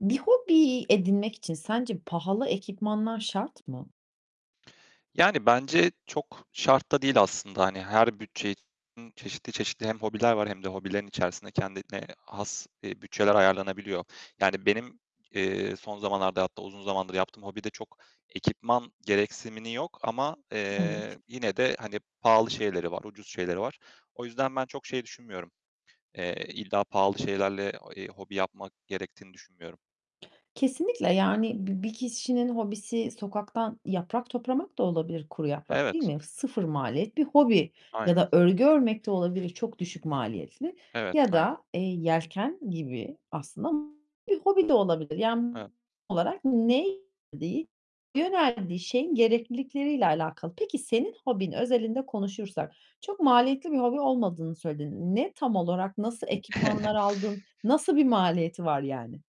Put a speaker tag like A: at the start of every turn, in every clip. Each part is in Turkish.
A: Bir hobi edinmek için sence pahalı ekipmanlar şart mı?
B: Yani bence çok şart da değil aslında hani her bütçe için çeşitli çeşitli hem hobiler var hem de hobilerin içerisinde kendine has, eee, bütçeler ayarlanabiliyor. Yani benim, eee, son zamanlarda, hatta uzun zamandır yaptığım hobide çok ekipman gereksimini yok ama, eee,
A: Evet.
B: yine de hani pahalı şeyleri var, ucuz şeyleri var. O yüzden ben çok şey düşünmüyorum. Eee, illa pahalı şeylerle o eee, hobi yapmak gerektiğini düşünmüyorum.
A: Kesinlikle yani bi bir kişinin hobisi sokaktan yaprak toplamak da olabilir, kuru yaprak, değil
B: Evet.
A: mi? 0 maliyet bir hobi ya
B: Aynen.
A: da örgü örmek de olabilir çok düşük maliyetli
B: Evet,
A: ya
B: aynen.
A: da, eee, yelken gibi aslında bir hobi de olabilir. Yani
B: Evet.
A: olarak ne yöneldiği yöneldiği şeyin gereklilikleriyle alakalı. Peki senin hobin özelinde konuşursak çok
B: Hı hı.
A: maliyetli bir hobi olmadığını söyledin. Ne tam olarak? Nasıl ekipmanlar aldın? Nasıl bir maliyeti var yani?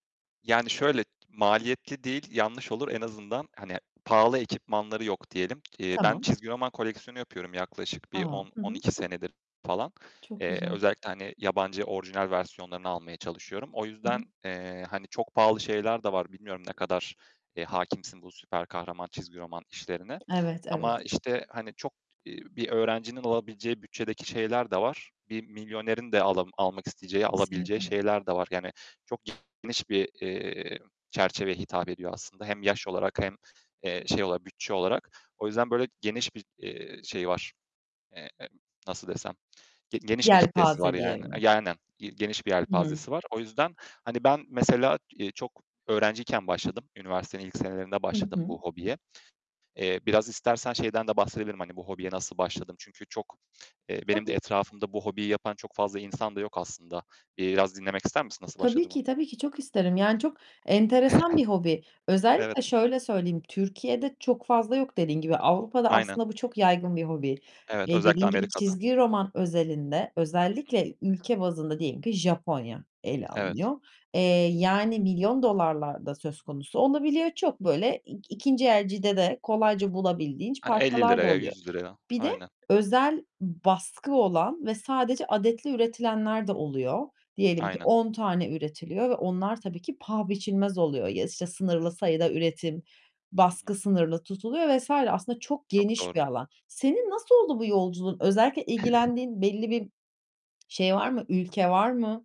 B: Yani şöyle, maliyetli değil, yanlış olur en azından hani pahalı ekipmanları yok diyelim. Eee, ben
A: Tamam.
B: çizgi roman koleksiyonu yapıyorum yaklaşık bir
A: A.
B: on
A: Hı
B: on
A: hı.
B: iki senedir falan.
A: Çok
B: Eee,
A: güzel.
B: özellikle hani yabancı orijinal versiyonlarını almaya çalışıyorum. O
A: Hı
B: yüzden,
A: hı.
B: eee, hani çok pahalı şeyler de var. Bilmiyorum ne kadar, eee, hâkimsin bu süper kahraman çizgi roman işlerine
A: Evet, evet.
B: ama, işte, hani, çok, eee, bir öğrencinin alabileceği bütçedeki şeyler de var. Bir milyonerin de ala almak isteyeceği, alabileceği
A: Kesinlikle.
B: şeyler de var, yani çok geniş bir, eee, çerçeveye hitap ediyor aslında hem yaş olarak hem, eee, şey olarak bütçe olarak. O yüzden böyle geniş bir, eee, şeyi var. Eee, emm, nasıl desem, ge geniş bir kitlesi var
A: Yelpaze
B: yani A,
A: diyelim.
B: yani, ge geniş bir
A: Hı hı.
B: yelpazesi var. O yüzden, hani, ben mesela, eee, çok öğrenciyken başladım, üniversitenin ilk senelerinde
A: Hı
B: başladım
A: hı.
B: bu hobiye. Eee, biraz istersen şeyden de bahsedebilirim, hani bu hobiye nasıl başladım? Çünkü çok, eee, benim de
A: Tabii.
B: etrafımda bu hobiyi yapan çok fazla insan da yok aslında. Eee, biraz dinlemek ister misin nasıl
A: Tabii
B: başladığımı?
A: ki, tabii ki çok isterim. Yani çok enteresan bir hobi. Özellikle
B: Evet.
A: şöyle söyleyeyim Türkiye'de çok fazla yok, dediğin gibi. Avrupa'da
B: Aynen.
A: aslında bu çok yaygın bir hobi.
B: Evet, özellikle
A: Dediğin gibi,
B: Amerika'da.
A: çizgi roman özelinde
B: Hı hı.
A: özellikle ülke bazında diyelim ki Japonya ele
B: Evet.
A: alınıyor. Eee, yani milyon dolarlar da söz konusu olabiliyor. Çok böyle ik ikinci elcide de kolayca bulabildiğin ç
B: Hani elli
A: parçalar da
B: liraya,
A: oluyor.
B: ₺100'a.
A: Bir de
B: Aynen.
A: özel baskı olan ve sadece
B: Hı.
A: adetli üretilenler de oluyor. Diyelim ki
B: Aynen.
A: 10 tane üretiliyor ve onlar tabii ki paha biçilmez oluyor ya, işte, sınırlı sayıda üretim,
B: Hı
A: baskı
B: hı.
A: sınırlı tutuluyor vs. aslında çok
B: Çok
A: geniş bir
B: doğru.
A: alan. Senin nasıl oldu bu yolculuğun? Özellikle ilgilendiğin belli bir şey var mı, ülke var mı?